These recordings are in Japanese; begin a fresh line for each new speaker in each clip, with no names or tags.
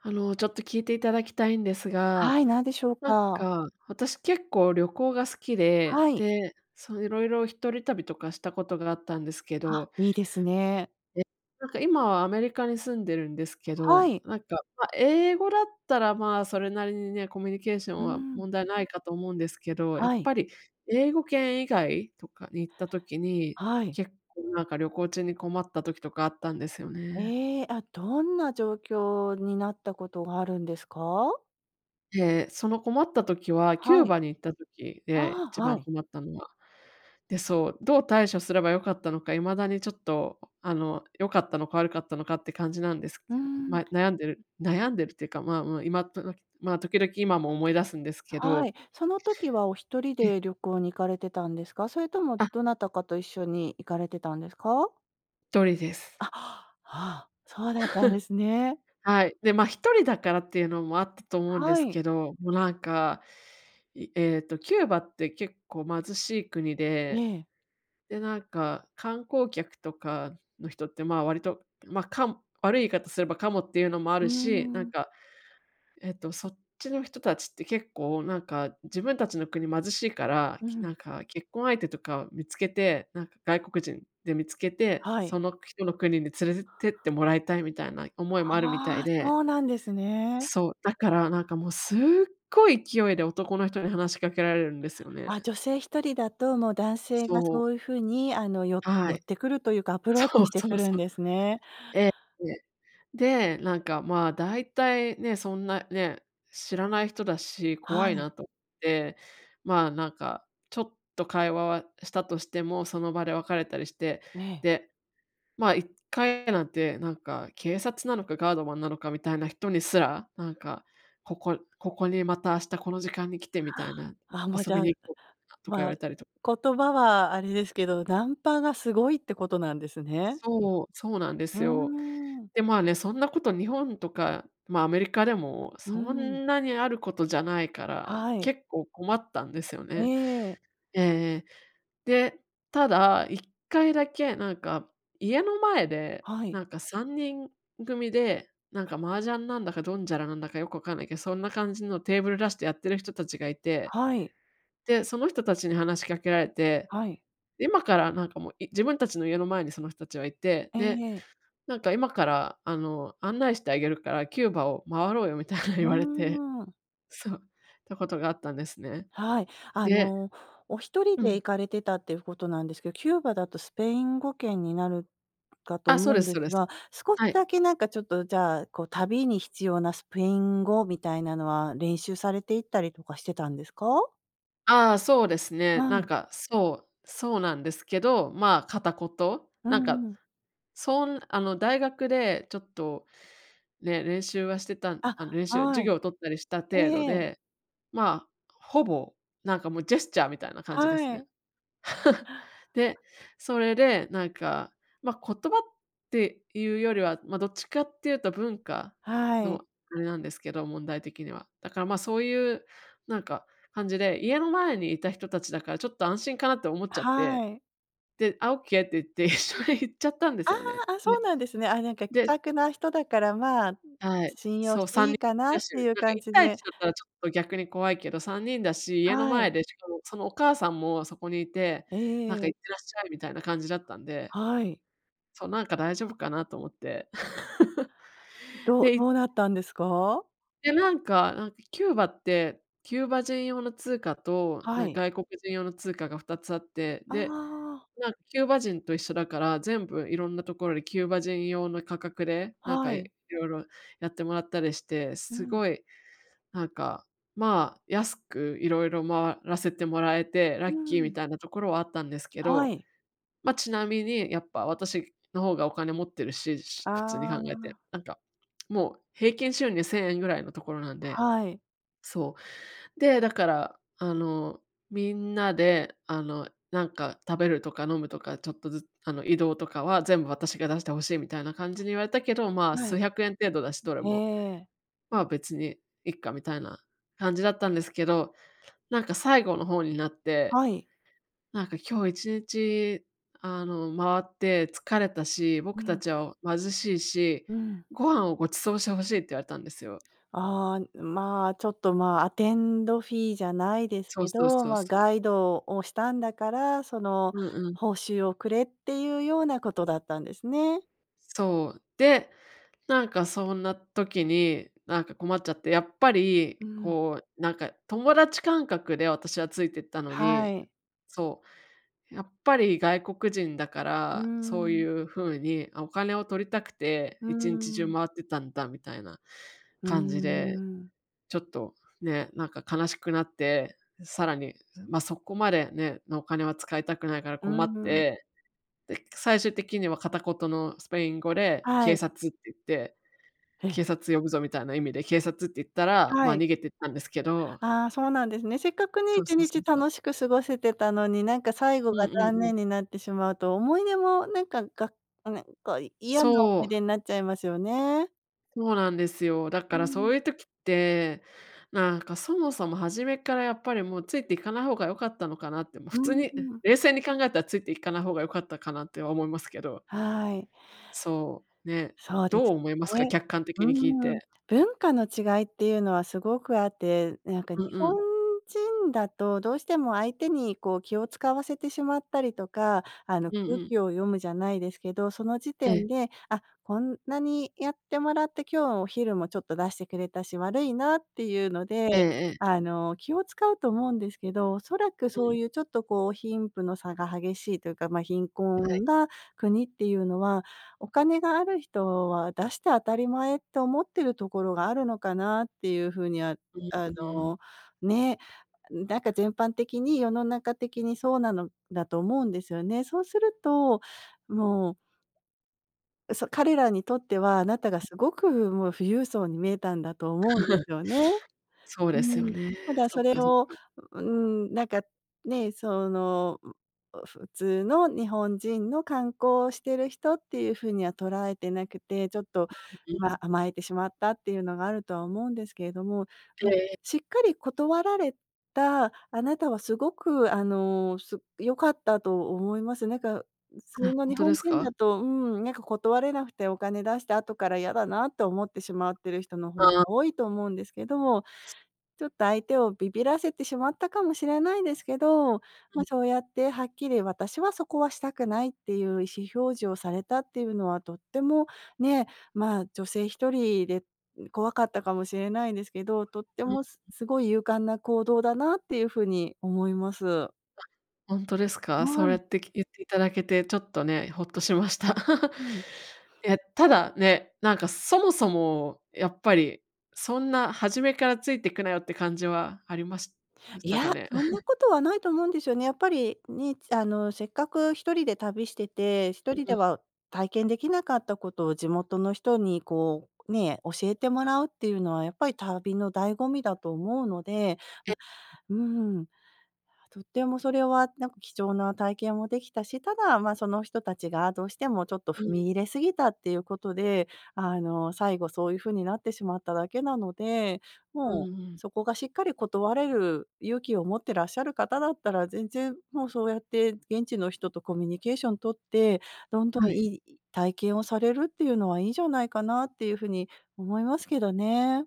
あの、ちょっと聞いていただきたいんです
は
が、
い、何でしょう
なん
か。
か私結構旅行が好きで、
はい。
で、そのいろいろ一人旅とかしたことがあったんですけ
あ、
ど。
いいですね。
え、なんか今はアメリカに住んでるんですけ
は
ど、
い。
なんか、ま、英語だったら、まあ、それなりにね、コミュニケーショ
う
ン
ー
は
ん。
問題ないかと思うんですけど、やっ
はい。
ぱり英語圏以外とかに行った時に、
はい。
結構なんか旅行中に困った時とかあったんですよね。
え、あ、どんな状況になったことがあるんですか？
て、その困った時はキ
は
ュー
い。
バに行った時で、
ああ、
一
は
番
い。
困ったのは。で、そう、どう対処すれば良かったのか、未だにちょっとあの、良かったのか悪かったのかって感じなんです
うー
けど。
ん。
まあ、悩んでる悩んでるっていうか、まあ、もう今となまあ、時々今も思い出すんですけ
は
ど。
い。その時はお一人
ええ。
で旅行に行かれてたんですか？それとも
あ。
どなたかと一緒に行かれてたんですか？
とりで
あ、
す。
ああ、そうだったんで すね。
はい、で、ま、一人だからっていうのもあったと思うんで
は
す
い。
けど、も、なんか、いえっとキューバって結構貧しい国で、
ね。
で、なんか観光客とかの人って、まあ、割とまあ、かむ悪い言い方すればカモっていうのもあ
うー
るし、なん
ん。
かえっと、そっちの人たちって結構なんか自分たちの国貧しいから、
う
き
ん。
なんか結婚相手とかを見つけて、なんか外国人で見つけて、
はい。
そのく人の国に連れでてってもらいたいみたいな思いもあるみたい
ああ、
で
そうなんですね。
そう、だからなんか、もうすっごい勢いで男の人に話しかけられるんですよ
あ、
ね。
女性一人だと、もう男性が
そう。
そういうふうにあの、よ
は
寄っ
い。
てくるというか、アプロー
そ
チ
う
して
そ
く
う
るん
そう。
ですね。
え、ええ。で、なんか、まあ、だいたいね、そんな、ね、知らない人だし、怖
は
い
い。
なと、で、まあ、なんかちょっと会話はしたとしても、その場で別れたりして、
ええ。
で、まあ一回なんてなんか警察なのかガードマンなのかみたいな人にすら、なんか「ここここにまた明日この時間に来て」みた
は
いな、
あ、あ、もうじ
「遊び
ゃあ、
に行こう」とか言わ
まあ、
れたりと。
言葉はあれですけど、ナンパがすごいってことなんですね。
そう、そうなんで
うー
すよ。
ん。
で、まあね、そんなこと日本とか、まあ、アメリカでも
うー
そ
ん。
んなにあることじゃないから、
はい。
結構困ったんですよ
え
ね。
え。
ええええ、で、ただ一回だけなんか家の前で
はい。
なんか3人組で、なんか麻雀なんだかドンジャラなんだか、よくわかんないけど、そんな感じのテーブル出してやってる人たちがいて、
はい。
で、その人たちに話しかけられて、
はい。
今からなんかもう、い自分たちの家の前にその人たちがいて、
え
で、
え。
なんか「今から、あの、案内してあげるからキューバを回ろうよ」みたいに
う
言われて、
ーん。
そう、たことがあったんですね。
はい。あ
で
の、お一人
う
で
ん。
行かれてたっていうことなんですけど、キューバだとスペイン語圏になるかと
あ、そう
思う
で
ん
す
で
そう
す
です。
が、少し
は
だ
い。
けなんかちょっと、じゃあ、こう旅に必要なスペイン語みたいなのは、練習されていったりとかしてたんですか？
ああ、そうですね。
は
なん
い。
かそう、そうなんですけど、まあ片言？
う
なんか、
んうん。
そんあの大学でちょっとね、練習はしてた
あ、
あの、練習は
は
授業を取ったりした
い。
程度
ええ。
で、まあ、ほぼ、なんか、もうジェスチャーみたいな感じです
は
ね。
い。
で、それでなんか、まあ、言葉っていうよりは、まあ、どっちかっていうと文化
はい。
のあれなんですけど、問題的には。だから、まあ、そういうなんか、感じで、家の前にいた人たちだからちょっと安心かなって思っちゃって。
はい。
で「あ、オッケーって言って」一緒に行っちゃったんで
あ
すよね。
あ、あ、そう
で、
なんですね。あ、なんか気
で
さくな人だから、まあ、
はい、
信用
そ
し
う、
て
さん
い
にん
いかな
だ
っ
しゅ、
ていう
なんか
感
一
じ
対
で。
一だったらちょっと逆に怖いけど、3人だし、家の
はい。
前でしかも、そのお母さんもそこにいて、なん
え
か
え。
行ってらっしゃいみたいな感じだったんで。
はい。
そう、なんか大丈夫かなと思って。
うどど
で
うなったんですか？
で、なんかなんかキューバって、キューバ人用の通貨と
は
なん
い。
外国人用の通貨が2つあって、
あ
で、
あ。
なんキューバ人と一緒だから、全部いろんなところでキューバ人用の価格で、なん
は
か色
い。
々やってもらったりして、
う
す
ん。
ごいなんか、まあ、安くいろいろ回らせてもらえて、ラ
う
ッキーみ
ん。
たいなところはあったんですけ
は
ど、
い。
ま、ちなみにやっぱ、私の方がお金持ってるし、普通に
あ
考え
あ。
て、なんかもう平均収入¥1000ぐらいのところなんで
はい。
そう、で、だからあの、みんなであの、なんか食べるとか飲むとかちょっとずつ、あの、移動とかは全部私が出して欲しいみたいな感じに言われたけど、まあ、
は
数
い。
百円程度だし、どれ
え
も。
え。
まあ、別にいっかみたいな感じだったんですけど、なんか最後の方になって、
はい。
なんか「今日一日、あの、回って疲れたし、
う
僕た
ん。
ちは貧しいし、
うん。
ご飯をご馳走して欲しい」って言われたんですよ。
ああ、まあ、ちょっとまあ、アテンドフィーじゃないです
そ
け
うそう
ど、
そう
まあ、
そう。
ガイドをしたんだから、その
うんうん。
報酬をくれっていうようなことだったんですね。
そう、で、なんかそんな時になんか困っちゃって、やっぱり
うん。
こうなんか友達感覚で私はついてったの
は
に
い。
そう。やっぱり外国人だか
う
ら、そうい
ん。
う風にお金を取りたくて
う
1日中
ん。
回ってたんだみたいな
うー
感じで、
ん。
ちょっとね、なんか悲しくなって、さらに、ま、そこまでね、のお金は使いたくないから
うー
困っ
ん。
て、で、最終的には片言のスペイン語で
は
警
い。
察って言って。
え。
警察呼ぶぞみたいな意味で警察って言ったら、ま、
はい。
逃げてったんですけど。
あ、そうなんですね。せっかくね、い
そう
ち
そう
に
そ
ち
うそう。
楽しく過ごせてたのに、なんか最後
う
が
んうん
残
うん。
念になってしまうと、思い出もなんか、がなんかこう嫌な
そ
思い
う。
出になっちゃいますよね。
そうなんですよ。だか
う
らそ
ん。
ういう時って、なんかそもそも初めっからやっぱりもうついて行かない方が良かったのかなって、ま、
う
普通
ー
に
ん。
冷静に考えたらついていかない方が良かったかなっては思いますけど。
はい。
そう、ね、
そうで
ど
す
う思いますか、
ね。
客観
う
的に聞い
ーん。
て。
文化の違いっていうのはすごくあって、なんか日
うんう
本
ん。
人だとどうしても相手にこう気を使わせてしまったりとか、あの
うん
空
うん。
気を読むじゃないですけど、その時
ええ。
点で、あ、こんなにやってもらって今日はお昼もちょっと出してくれたし、悪いなっていうので、
ええ。
あの、気を使うと思うんですけど、おそらく
う
そう
ん。
いうちょっとこう貧富の差が激しいというか、ま、貧
はい。
困な国っていうのは、お金がある人は出して当たり前って思ってるところがあるのかなっていうふうには、
うん
あ
うん。
の、ね、なんか全般的に世の中的にそうなのだと思うんですよね。そうすると、もうそ、彼らにとっては、あなたがすごくもう富裕層に見えたんだと思うんで すよね。
そう
う
ですよ
ん、
ね。
ただ
そ
そ
っ
れ
かそっ
を、
か。
うーん、なんかね、その、ん、う、普通の日本人の観光をしている人っていうふうには捉えてなくて、ちょっと、
う
ま、
ん。
甘えてしまったっていうのがあるとは思うんですけれども、
で。
しっかり断られたあなたはすごくあの、す良かったと思います。なんか、ん、普通
あ、
の
本
日
当で
本
す
人
か？
だと、うん、なんか断れなくてお金出した後から嫌だなと思ってしまってる人の方が
あ。
多いと思うんですけど、ちょっと相手をビビらせてしまったかもしれないですけど、
う
ま、
ん。
そうやってはっきり私はそこはしたくないっていう意思表示をされたっていうのはとっても、ね、まあ女性1人で、ん、怖かったかもしれないですけど、とって
うん。
もすすごい勇敢な行動だなっていうふうに思います。
あ、ほんとですか？そ
は
うや
い。
って、き言っていただけてちょっとね、ホッとしました。
うん。
え、ただね、なんか、そもそもやっぱりそんな初めから付いてくなよって感じはありまし
い
た
や、
かね。
そんな ことはないと思うんですよね。やっぱり、ね、あの、せっかく一人で旅してて、一
う
人
う
で
ん。
は体験できなかったことを地元の人にこう、ね、教えてもらうっていうのはやっぱり旅の醍醐味だと思うので、
え。
ま、うーん、とってもそれはなんか貴重な体験もできたし、ただ、ま、その人たちがどうしても、ちょっと
う
踏
ん。
み入れすぎたっていうことで、あの、最後そういうふうになってしまっただけなので、
うん
もう
うん。
そこが、しっかり断れる勇気を持ってらっしゃる方だったら、全然もうそうやって、現地の人とコミュニケーション取って、どんどん
は
い
い。
い体験をされるっていうのは、いいんじゃないかなっていうふうに思いますけどね。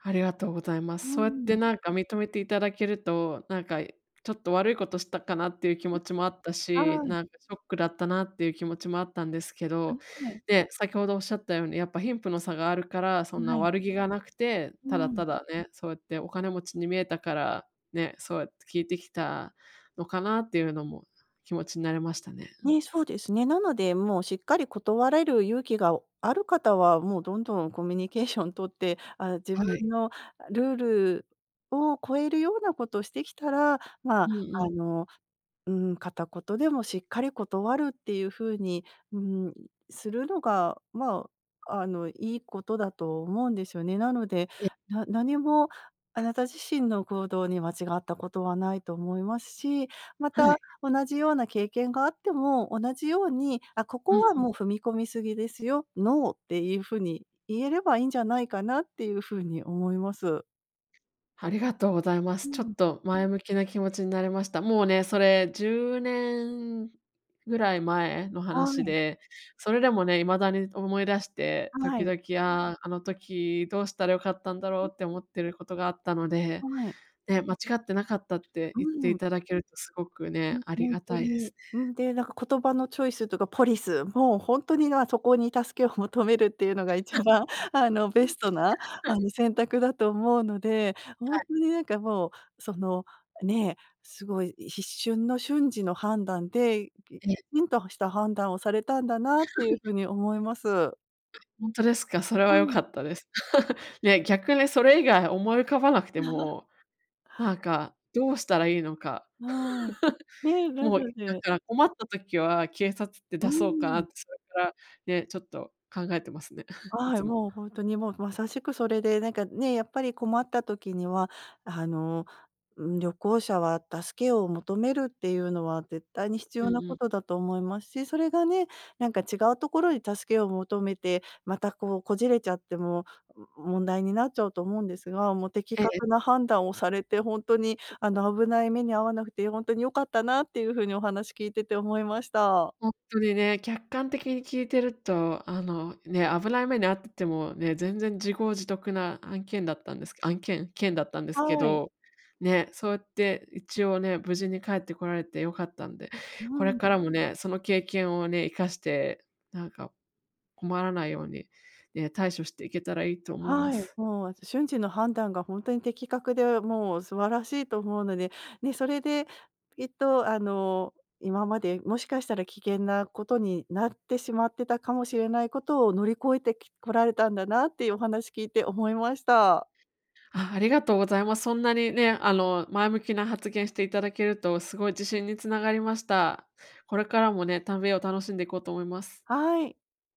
ありがとうございま
うー
す。そうやって
ん。
なんか認めていただけると、なんかちょっと悪いことしたかなっていう気持
[unintelligible]
ちもあったし、
はい。
なんかショックだったなっていう気持ちもあったんですけ
あ、
ど、
はい。
で、先ほどおっしゃったようにやっぱ貧富の差があるから、そん
は
な
い。
悪気がなくて、
う
ただ
ん。
ただね、そうやってお金持ちに見えたから、ね、そうやって聞いてきたのかなっていうのも気持ちになれましたね、うん。
ね、そうですね。なのでもうしっかり断れる勇気がある方は、もうどんどんコミュニケーション取って、あ、自
は
分
い。
のルールを超えるようなことしてきたら、
う
ま、
んう
あ
ん。
の、うーん、片言でもしっかり断るっていうふうに、うーん、するのが、まあ、あの、いいことだと思うんですよね。なので、
ええ。
な何もあなた自身の行動に間違ったことはないと思いますし、ま
は
た、
い。
同じような経験があっても、同じように「あ、こ
う
こ
ん
は
うん。
もう踏み込み過ぎですよ、ノー」っていうふうに、言えればいいんじゃないかなっていうふうに思います。
ありがとうございま
う
す。ちょ
ん。
っと、前向きな気持ちになれました。もうね、それ10年ぐらい前の
は
話
い。
で、それでもね、未だに思い出して、
は
時
い。
々、ああ、あの時どうしたら良かったんだ
う
ろう
ん。
って、思ってることがあったので、
はい。
ね、間違ってなかったって
う
言ってい
ん。
ただけると、すごくね、
うん、
あり
ほん
が
と
たいです
に。う
ね。
ん、で、なんか言葉のチョイスとかポリスも、ほんとに、なあ、そこに助けを求めるっていうのが一番、あのベストなあの、選択だと思うので、ほ
は
ん
い。
とになんか、もうそのね、すごい一瞬の、瞬時の判断で、ぎき
ええ。
ちんとした判断をされたんだなっていう 風に思います。
本当ですか？それ
う
は良
ん。
かったです。いや、逆にそれ以外思い浮かばなくて も、なんかどうしたらいいのか。
はい、ね。な
もう、
の
だ
で
から困った時は警察って
う
だそうかなっ
ん。
てそれからね、ちょっと考えてますね。い
は
つ
い、
も。
もうほんとにもう、まさしくそれでなんかね、やっぱり困った時には、あの、ん、旅行者は助けを求めるっていうのは、絶対に必
うん
要な
う
こ
ん。
とだと思いますし、それがね、なんか違うところに助けを求めて、またこう、こじれちゃっても、も問題になっちゃうと思うんですが、もう的
ええ。
確な判断をされて、ほんとに、あの危ない目に遭わなくてほんとに良かったなっていう風にお話聞いてて思いました。
ほんとにね、客観的に聞いてると、あのね、危ない目に遭っててもね、全然、自業自得な案件だったんですけ案件件だったんですけ
はい。
ど、ね、そうって一応ね、無事に帰ってこられて良かったんで、こ
う
れ
ん。
からもね、その経験をね、活かして、なんか困らないようにね、対処していけたらいいと思いま
はい、
す。
もう瞬時の判断が、ほんとに的確でもう素晴らしいと思うので、ね、それできっと、あの今まで、もしかしたら危険なことになってしまってたかもしれないことを、乗り越えてきこられたんだなっていうお話聞いて思いました。
あ、ありがとうございます。そんなにね、あの、前向きな発言していただけると、すごい自信につながりました。これからもね、旅を楽しんでこうと思います。
はい。